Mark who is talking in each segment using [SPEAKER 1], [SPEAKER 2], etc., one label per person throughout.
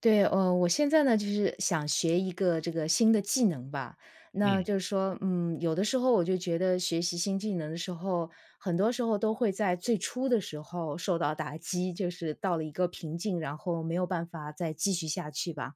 [SPEAKER 1] 对呃，我现在呢，就是想学一个这个新的技能吧。那
[SPEAKER 2] 嗯。
[SPEAKER 1] 就说嗯，有的时候我就觉得学习新技能的时候，很多时候都会在最初的时候受到打击。就是到了一个瓶颈，然后没有办法再继续下去吧，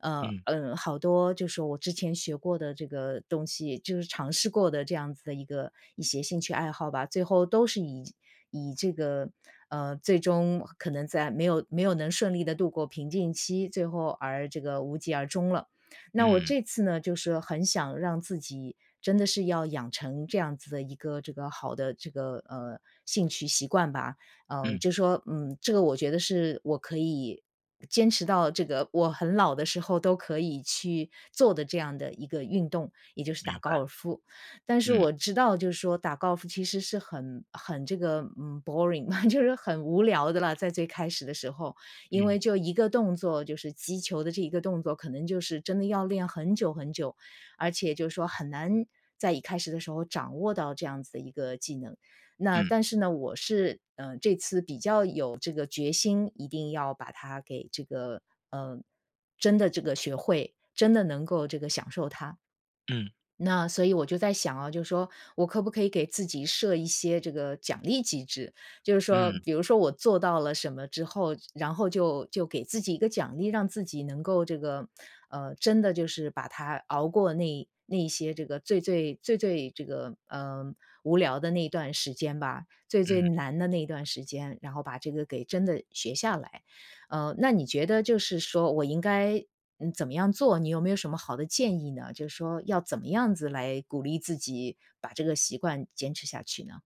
[SPEAKER 1] 呃，
[SPEAKER 2] 嗯。
[SPEAKER 1] 呃好多就是我之前学过的这个东西，就是尝试过的这样子的一个一些兴趣爱好吧，最后都是以以这个呃，最终可能在没有没有能顺利地度过瓶颈期，最后而这个无疾而终了。那我
[SPEAKER 2] 嗯。
[SPEAKER 1] 这次呢，就是很想让自己真的是要养成这样子的一个这个好的这个，呃，兴趣习惯吧。呃
[SPEAKER 2] 嗯。
[SPEAKER 1] 就说，嗯这个我觉得是我可以坚持到这个我很老的时候都可以去做的这样的一个运动，也就是打
[SPEAKER 2] 明
[SPEAKER 1] 高
[SPEAKER 2] 白。
[SPEAKER 1] 尔夫。但是
[SPEAKER 2] 嗯。
[SPEAKER 1] 我知道就是说打高尔夫其实是很很这个，嗯，boring 就是很无聊的了，在最开始的时候。因为
[SPEAKER 2] 嗯。
[SPEAKER 1] 就一个动作，就是击球的这一个动作可能就是真的要练很久很久，而且就说很难在一开始的时候掌握到这样子的一个技能。那
[SPEAKER 2] 嗯。
[SPEAKER 1] 但是呢，我是，呃，这次比较有这个决心，一定要把它给这个，呃真的这个学会，真的能够这个享受它。
[SPEAKER 2] 嗯。
[SPEAKER 1] 那所以我就在想啊，就说我可不可以给自己设一些这个奖励机制。就是说，
[SPEAKER 2] 嗯。
[SPEAKER 1] 比如说我做到了什么之后，然后就就给自己一个奖励，让自己能够这个呃，真的就是把它熬过那那些这个最最最最这个，呃，无聊的那段时间吧，最最
[SPEAKER 2] 嗯。
[SPEAKER 1] 难的那段时间，然后把这个给真的学下来。呃，那你觉得就是说我应该嗯，怎么样做，你有没有什么好的建议呢？就说要怎么样子来鼓励自己把这个习惯坚持下去呢？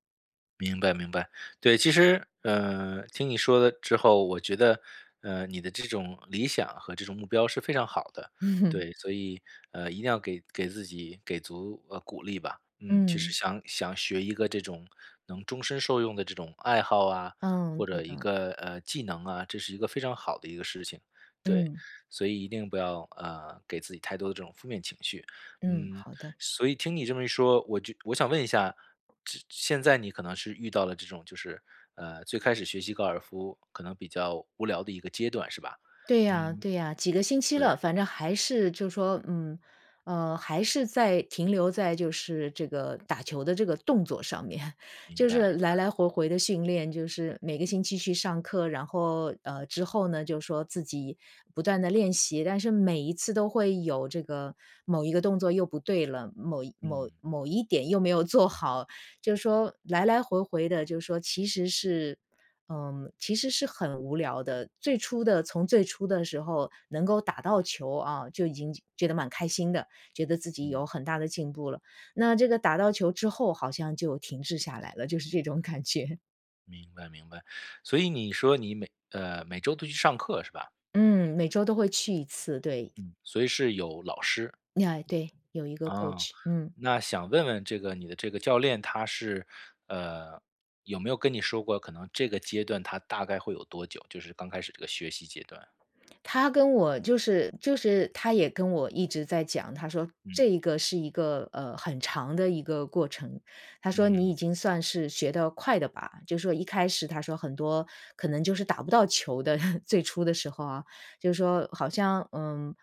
[SPEAKER 2] 明白明白，对，其实，呃，听你说了之后，我觉得，呃，你的这种理想和这种目标是非常好的，对，所以，呃，一定要给给自己给足，呃，鼓励吧，嗯，其实
[SPEAKER 1] 嗯。
[SPEAKER 2] 想想学一个这种能终身受用的这种爱好啊，
[SPEAKER 1] 嗯，
[SPEAKER 2] 或者
[SPEAKER 1] 对
[SPEAKER 2] 一
[SPEAKER 1] 的。
[SPEAKER 2] 个，呃，技能啊，这是一个非常好的一个事情，对。
[SPEAKER 1] 嗯。
[SPEAKER 2] 所以一定不要，呃，给自己太多的这种负面情绪。
[SPEAKER 1] 嗯，
[SPEAKER 2] 嗯，
[SPEAKER 1] 好的。
[SPEAKER 2] 所以听你这么一说，我就我想问一下，这现在你可能是遇到了这种就是，呃，最开始学习高尔夫可能比较无聊的一个阶段是吧？
[SPEAKER 1] 对呀
[SPEAKER 2] 嗯。
[SPEAKER 1] 对呀，几个星期了，
[SPEAKER 2] 对。
[SPEAKER 1] 反正还是就是说嗯，呃，还是在停留在就是这个打球的这个动作上面，
[SPEAKER 2] 明
[SPEAKER 1] 就
[SPEAKER 2] 白
[SPEAKER 1] 是
[SPEAKER 2] 明
[SPEAKER 1] 来
[SPEAKER 2] 白。
[SPEAKER 1] 来回回地训练，就是每个星期去上课，然后呃，之后呢，就说自己不断地练习，但是每一次都会有这个某一个动作又不对了，某某
[SPEAKER 2] 嗯。
[SPEAKER 1] 某一点又没有做好。就说，来来回回的就说其实是呃，其实是很无聊的，最初的从最初的时候能够打到球啊，就已经觉得蛮开心的，觉得自己有
[SPEAKER 2] 嗯。
[SPEAKER 1] 很大的进步了，那这个打到球之后好像就停滞下来了，就是这种感觉。
[SPEAKER 2] 明白明白。所以你说你每呃，每周都去上课是吧？
[SPEAKER 1] 嗯，每周都会去1次，对。
[SPEAKER 2] 嗯，所以是有老师。
[SPEAKER 1] 哎，对，有一个
[SPEAKER 2] 啊，
[SPEAKER 1] coach，嗯。
[SPEAKER 2] 那想问问这个你的这个教练，他是，呃，有没有跟你说过，可能这个阶段它大概会有多久？就是刚开始这个学习阶段。
[SPEAKER 1] 他跟我就是就是他也跟我一直在讲，他说
[SPEAKER 2] 嗯。
[SPEAKER 1] 这一个是一个，呃，很长的一个过程。他说你
[SPEAKER 2] 嗯。
[SPEAKER 1] 已经算是学得快的吧，就是说一开始他说很多可能就是打不到球的 最初的时候啊，就是说好像，嗯，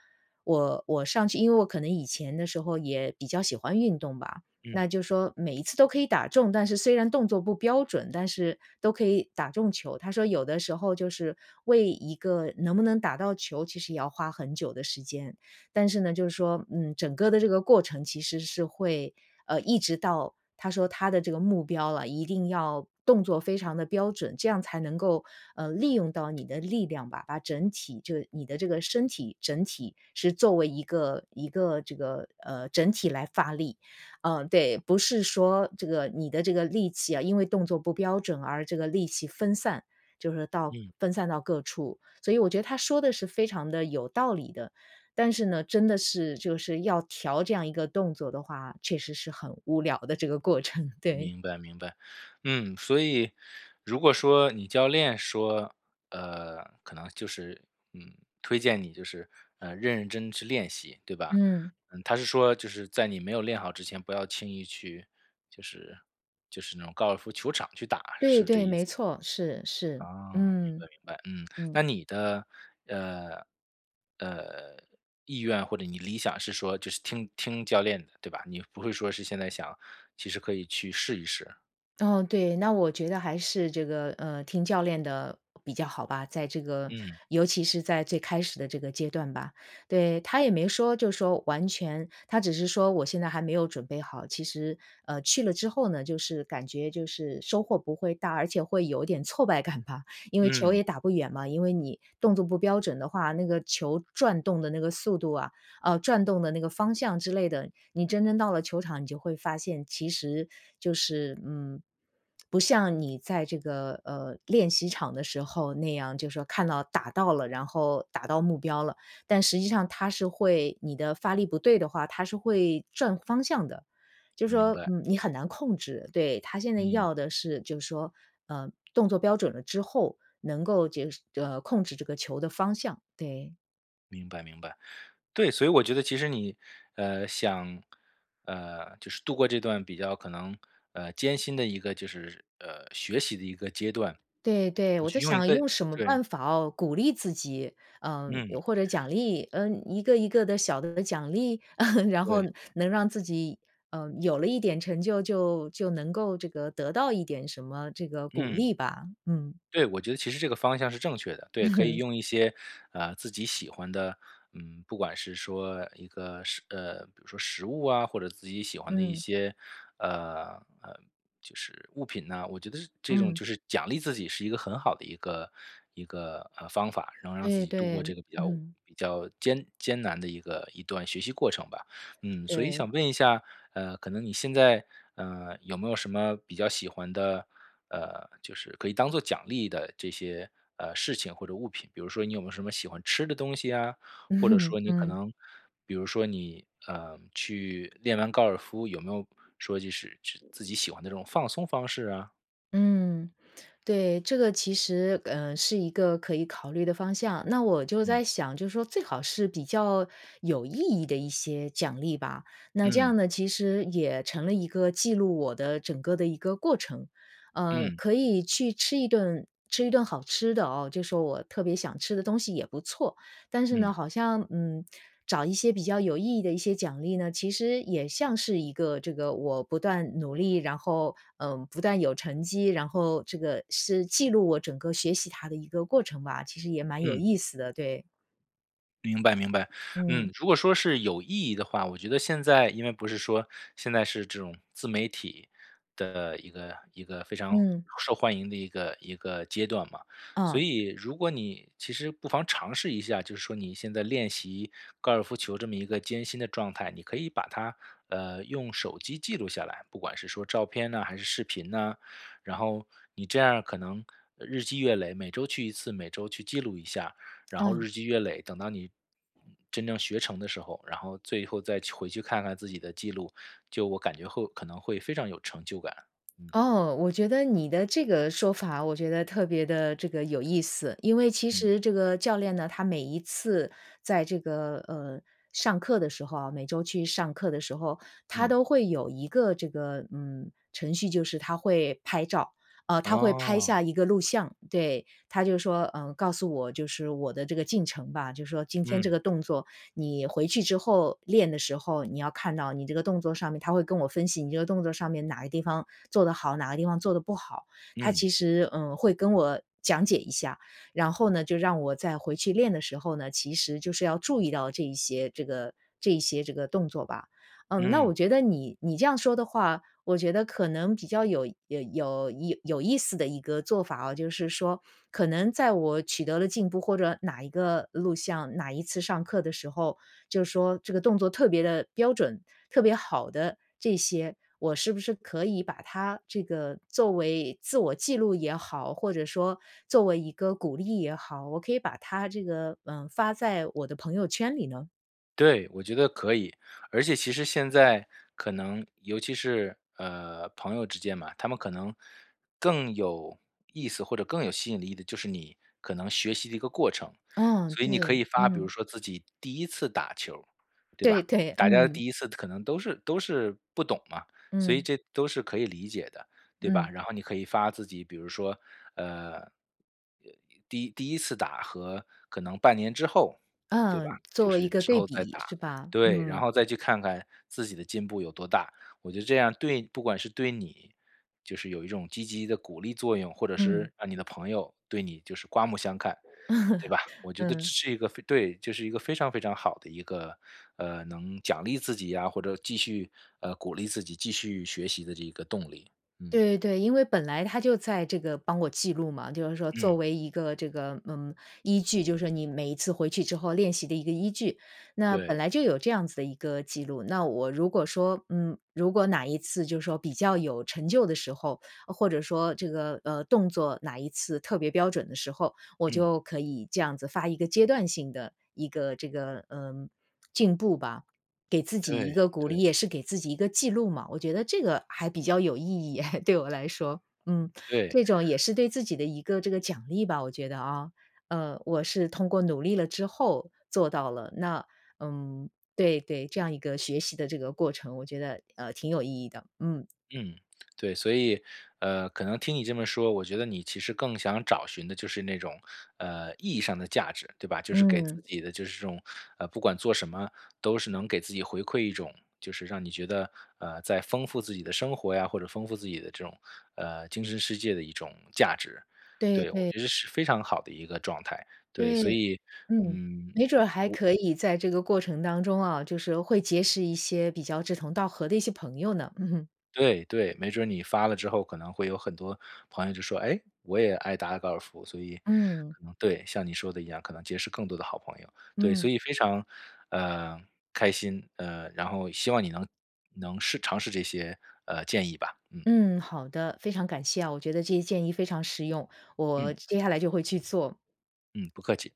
[SPEAKER 1] 我我上去因为我可能以前的时候也比较喜欢运动吧，
[SPEAKER 2] 嗯。
[SPEAKER 1] 那就是说每一次都可以打中，但是虽然动作不标准，但是都可以打中球。他说有的时候就是，为一个能不能打到球，其实也要花很久的时间。但是呢，就是说，嗯，整个的这个过程其实是会，呃，一直到他说他的这个目标啊，一定要动作非常地标准，这样才能够，呃，利用到你的力量吧，把整体就是你的这个身体整体是作为一个一个这个，呃，整体来发力，呃，对，不是说这个你的这个力气啊，因为动作不标准而这个力气分散，就是说到
[SPEAKER 2] 嗯。
[SPEAKER 1] 分散到各处。所以我觉得他说的是非常地有道理的。但是呢，真的是就是要调这样一个动作的话，确实是很无聊的这个过程，对。
[SPEAKER 2] 明白明白。嗯，所以如果说你教练说，呃，可能就是，嗯，推荐你就是，呃，认认真去练习，对吧？
[SPEAKER 1] 嗯。
[SPEAKER 2] 呃，他是说，就是在你没有练好之前，不要轻易去，就是就是那种高尔夫球场去打，
[SPEAKER 1] 对
[SPEAKER 2] 是这
[SPEAKER 1] 对，
[SPEAKER 2] 意思吗？
[SPEAKER 1] 没错，是，是。
[SPEAKER 2] 哦，明
[SPEAKER 1] 嗯。
[SPEAKER 2] 白明白。嗯，
[SPEAKER 1] 嗯。
[SPEAKER 2] 那你的，呃，呃，意愿或者你理想是说，就是听听教练的，对吧？你不会说是现在想其实可以去试一试。
[SPEAKER 1] 哦，对，那我觉得还是这个，呃听教练的比较好吧，在这个
[SPEAKER 2] 嗯。
[SPEAKER 1] 尤其是在最开始的这个阶段吧。对，他也没说就说完全他只是说：“我现在还没有准备好。”其实，呃，去了之后呢，就是感觉就是收获不会大，而且会有点挫败感吧，因为球也
[SPEAKER 2] 嗯。
[SPEAKER 1] 打不远嘛。因为你动作不标准的话，那个球转动的那个速度啊，呃，转动的那个方向之类的，你真正到了球场你就会发现，其实就是，嗯，不像你在这个，呃，练习场的时候那样，就说看到打到了，然后打到目标了。但实际上它是会你的发力不对的话，它是会转方向的。就
[SPEAKER 2] 明
[SPEAKER 1] 说，
[SPEAKER 2] 白。
[SPEAKER 1] 嗯，你很难控制，对，他现在
[SPEAKER 2] 嗯。
[SPEAKER 1] 要的是就说，呃，动作标准了之后，能够就是呃，控制这个球的方向，对。
[SPEAKER 2] 明白明白，对，所以我觉得其实你，呃，想，呃，就是度过这段比较可能，呃，艰辛的一个就是呃，学习的一个阶段。
[SPEAKER 1] 对对，
[SPEAKER 2] 我
[SPEAKER 1] 我
[SPEAKER 2] 就
[SPEAKER 1] 在
[SPEAKER 2] 用一
[SPEAKER 1] 想
[SPEAKER 2] 个
[SPEAKER 1] 用什么
[SPEAKER 2] 对。
[SPEAKER 1] 办法哦鼓励自己，嗯，
[SPEAKER 2] 嗯。
[SPEAKER 1] 又或者奖励嗯，一个一个的小的奖励？然后
[SPEAKER 2] 对。
[SPEAKER 1] 能让自己嗯，有了一点成就，就就能够这个得到一点什么这个鼓
[SPEAKER 2] 嗯。
[SPEAKER 1] 励吧，嗯
[SPEAKER 2] 对，我觉得其实这个方向是正确的，对，可以 用一些，呃，自己喜欢的，嗯，不管是说一个食呃，比如说食物啊，或者自己喜欢的一
[SPEAKER 1] 嗯。
[SPEAKER 2] 些，呃，呃，就是物品呐。我觉得这这种
[SPEAKER 1] 嗯。
[SPEAKER 2] 就是奖励自己是一个很好的一个一个，呃，方法，能让自
[SPEAKER 1] 对
[SPEAKER 2] 己度过这
[SPEAKER 1] 对，
[SPEAKER 2] 个比较
[SPEAKER 1] 嗯。
[SPEAKER 2] 比较艰艰难的一个一段学习过程吧。嗯，所以
[SPEAKER 1] 对。
[SPEAKER 2] 想问一下，呃，可能你现在，呃，有没有什么比较喜欢的呃，就是可以当作奖励的这些，呃，事情或者物品，比如说你有没有什么喜欢吃的东西呀？或者说 你可
[SPEAKER 1] 嗯。
[SPEAKER 2] 能比如说你呃，去练完高尔夫，有没有说就是至自己喜欢的这种放松方式啊？
[SPEAKER 1] 嗯，对，这个其实呃，是一个可以考虑的方向。那我就在
[SPEAKER 2] 嗯。
[SPEAKER 1] 想，就说最好是比较有意义的一些奖励吧，那这
[SPEAKER 2] 嗯。
[SPEAKER 1] 样呢其实也成了一个记录我的整个的一个过程。呃，
[SPEAKER 2] 嗯。
[SPEAKER 1] 可以去吃一顿吃一顿好吃的哦，就说我特别想吃的东西也不错，但是呢，
[SPEAKER 2] 嗯。
[SPEAKER 1] 好像，嗯，找一些比较有意义的一些奖励呢，其实也像是一个这个我不断努力，然后，嗯，不断有成绩，然后这个是记录我整个学习它的一个过程吧，其实也蛮有
[SPEAKER 2] 嗯。
[SPEAKER 1] 意思的，对。
[SPEAKER 2] 明白明白，
[SPEAKER 1] 嗯。
[SPEAKER 2] 嗯。如果说是有意义的话，我觉得现在因为不是说，现在是这种自媒体的一个一个非常
[SPEAKER 1] 嗯。
[SPEAKER 2] 受欢迎的一个一个阶段嘛。所
[SPEAKER 1] 嗯。
[SPEAKER 2] 以如果你其实不妨尝试一下，就是说你现在练习高尔夫球这么一个艰辛的状态，你可以把它，呃，用手机记录下来，不管是说照片啊还是视频呢。然后你这样可能日积月累，每周去1次，每周去记录一下，然后
[SPEAKER 1] 嗯。
[SPEAKER 2] 日积月累，等到你真正学成的时候，然后最后再去回去看看自己的记录，就我感觉会可能会非常有成就感。嗯。
[SPEAKER 1] 哦，我觉得你的这个说法我觉得特别的这个有意思。因为其
[SPEAKER 2] 嗯。
[SPEAKER 1] 实这个教练呢，他每一次在这个，呃，上课的时候啊每周去上课的时候，他
[SPEAKER 2] 嗯。
[SPEAKER 1] 都会有一个这个，嗯，程序，就是他会拍照。呃，他会拍下
[SPEAKER 2] 哦。
[SPEAKER 1] 一个录像。对，他就说，呃，告诉我就是我的这个进程吧。就说今天这
[SPEAKER 2] 嗯。
[SPEAKER 1] 个动作，你回去之后练的时候，你要看到你这个动作上面，他会跟我分析你这个动作上面哪个地方做得好，哪个地方做的不好。他
[SPEAKER 2] 嗯。
[SPEAKER 1] 其实，呃，会跟我讲解一下，然后呢，就让我再回去练的时候呢，其实就是要注意到这一些这个这一些这个动作吧。嗯，那我
[SPEAKER 2] 嗯。
[SPEAKER 1] 觉得你你这样说的话，我觉得可能比较有有有有意思的一个做法啊。就是说，可能在我取得了进步或者哪一个录像，哪一次上课的时候，就说这个动作特别的标准，特别好的这些，我是不是可以把它这个作为自我记录也好，或者说作为一个鼓励也好，我可以把它这个，呃，发在我的朋友圈里呢？
[SPEAKER 2] 对，我觉得可以。而且其实现在可能，尤其是，呃，朋友之间嘛，他们可能更有意思或者更有吸引力的就是你可能学习的一个过程。
[SPEAKER 1] 嗯，
[SPEAKER 2] 所以你可
[SPEAKER 1] 对，
[SPEAKER 2] 以发，比如
[SPEAKER 1] 嗯。
[SPEAKER 2] 说自己第1次打球，对
[SPEAKER 1] 对，
[SPEAKER 2] 吧。
[SPEAKER 1] 对，
[SPEAKER 2] 大家的
[SPEAKER 1] 嗯。
[SPEAKER 2] 第1次可能都是都是不懂嘛，所以
[SPEAKER 1] 嗯。
[SPEAKER 2] 这都是可以理解的，对吧。
[SPEAKER 1] 嗯。
[SPEAKER 2] 然后你可以发自己，比如说，呃，哎，第1第1次打和可能半年之后，对吧。
[SPEAKER 1] 嗯，做一个对
[SPEAKER 2] 就是之后再
[SPEAKER 1] 比
[SPEAKER 2] 打，
[SPEAKER 1] 是吧？
[SPEAKER 2] 对。然
[SPEAKER 1] 嗯。
[SPEAKER 2] 后再去看看自己的进步有多大，我觉得这样对不管是对，你就是有一种积极的鼓励作用，或者
[SPEAKER 1] 嗯。
[SPEAKER 2] 是让你的朋友对你就是刮目相看，对 吧。我觉得这
[SPEAKER 1] 嗯。
[SPEAKER 2] 是一个非对，就是一个非常非常好的一个，呃，能奖励自己啊，或者继续，呃，鼓励自己继续学习的这个动力。嗯。
[SPEAKER 1] 对对。因为本来他就在这个帮我记录嘛，就是说作
[SPEAKER 2] 嗯。
[SPEAKER 1] 为一个这个，嗯，依据，就是你每一次回去之后练习的一个依据。那本
[SPEAKER 2] 对。
[SPEAKER 1] 来就有这样子的一个记录，那我如果说，嗯，如果哪一次就是说比较有成就的时候，或者说这个，呃，动作哪一次特别标准的时候，我
[SPEAKER 2] 嗯。
[SPEAKER 1] 就可以这样子发一个阶段性的一个这个，呃，进步吧。给自己一
[SPEAKER 2] 对
[SPEAKER 1] 个鼓励，
[SPEAKER 2] 对。
[SPEAKER 1] 也是给自己一个记录嘛。我觉得这个还比较有意义诶，对我来说。嗯。
[SPEAKER 2] 对。
[SPEAKER 1] 这种也是对自己的一个这个奖励吧，我觉得啊。嗯，我是通过努力了之后做到了。那，嗯，对对，这样一个学习的这个过程，我觉得，呃，挺有意义的，嗯。
[SPEAKER 2] 嗯，对。所以，呃，可能听你这么说，我觉得你其实更想找寻的就是那种，呃，意义上的价值，对吧。就是给
[SPEAKER 1] 嗯。
[SPEAKER 2] 自己的就是这种，呃，不管做什么都是能给自己回馈一种，就是让你觉得，呃，在丰富自己的生活呀，或者丰富自己的这种，呃，精神世界的一种价值，
[SPEAKER 1] 对
[SPEAKER 2] 对。我
[SPEAKER 1] 对。
[SPEAKER 2] 觉得是非常好的一个状态，对。
[SPEAKER 1] 对，
[SPEAKER 2] 所以
[SPEAKER 1] 嗯。
[SPEAKER 2] 嗯，
[SPEAKER 1] 没准儿还
[SPEAKER 2] 我
[SPEAKER 1] 可以在这个过程当中啊，就是会结识一些比较志同道合的一些朋友呢，嗯哼。
[SPEAKER 2] 对对。没准儿你发了之后可能会有很多朋友就说：“哎，我也爱打高尔夫。”所以
[SPEAKER 1] 嗯。
[SPEAKER 2] 可能对，像你说的一样，可能结识更多的好朋友，对。
[SPEAKER 1] 嗯。
[SPEAKER 2] 所以非常，呃，开心，呃，然后希望你能能试尝试这些，呃，建议吧，嗯。
[SPEAKER 1] 嗯，好的。非常感谢啊，我觉得这些建议非常实用，我
[SPEAKER 2] 嗯。
[SPEAKER 1] 接下来就会去做。
[SPEAKER 2] 嗯，不客气。